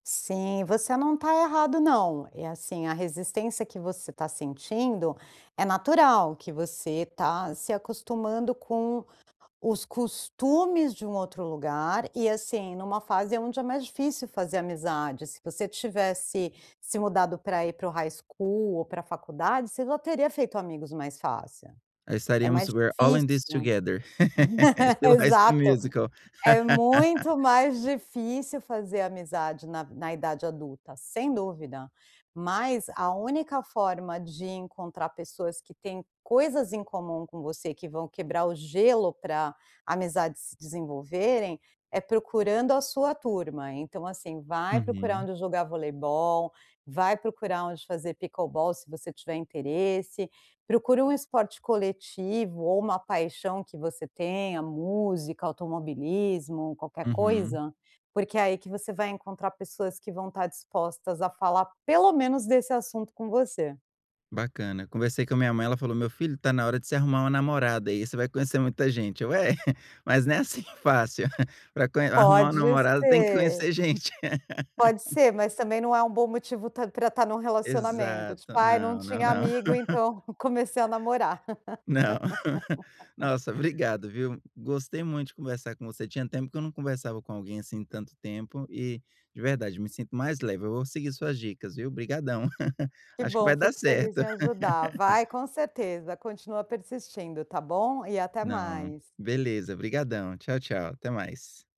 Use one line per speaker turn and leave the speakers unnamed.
Sim, você não está errado não. E assim, a resistência que você está sentindo, é natural, que você está se acostumando com os costumes de um outro lugar, e assim, numa fase aonde é mais difícil fazer amizade. Se você tivesse se mudado para ir para o high school ou para faculdade, você já teria feito amigos mais fácil.
É,
É
estaríamos
mais
super all in this
difícil.
together estilo High School
Exato.
Musical.
É muito mais difícil fazer amizade na na idade adulta, sem dúvida. Mas, a única forma de encontrar pessoas que têm coisas em comum com você, que vão quebrar o gelo para amizades se desenvolverem, é procurando a sua turma. Então assim, vai procurar
Uhum.
onde jogar voleibol, vai procurar onde fazer pickleball, se você tiver interesse. Procura um esporte coletivo, ou uma paixão que você tenha, música, automobilismo, qualquer
Uhum.
coisa, porque é aí que você vai encontrar pessoas que vão estar dispostas a falar pelo menos desse assunto com você.
Bacana. Conversei com a minha mãe, ela falou: "Meu filho, está na hora de você arrumar uma namorada, aí você vai conhecer muita gente", eu: "É, mas não é assim fácil, para conhe arrumar uma
Pode
namorada, tem que
ser.
conhecer gente".
Pode ser, mas também não é um bom motivo ta para estar num relacionamento, tipo:
Exato.
"Ai, não
Não, não,
tinha
não.
amigo, então comecei a namorar".
Não. Nossa, obrigado viu. Gostei muito de conversar com você, tinha tempo que eu não conversava com alguém, assim, tanto tempo e, de verdade, me sinto mais leve. Eu vou seguir suas dicas, viu, obrigadão.
Que
Acho que
bom,
vai dar
fico feliz em
certo.
ajudar. Vai, com certeza. Continua persistindo, tá bom. E até
Não.
mais.
Beleza, obrigadão. Tchau, tchau, até mais.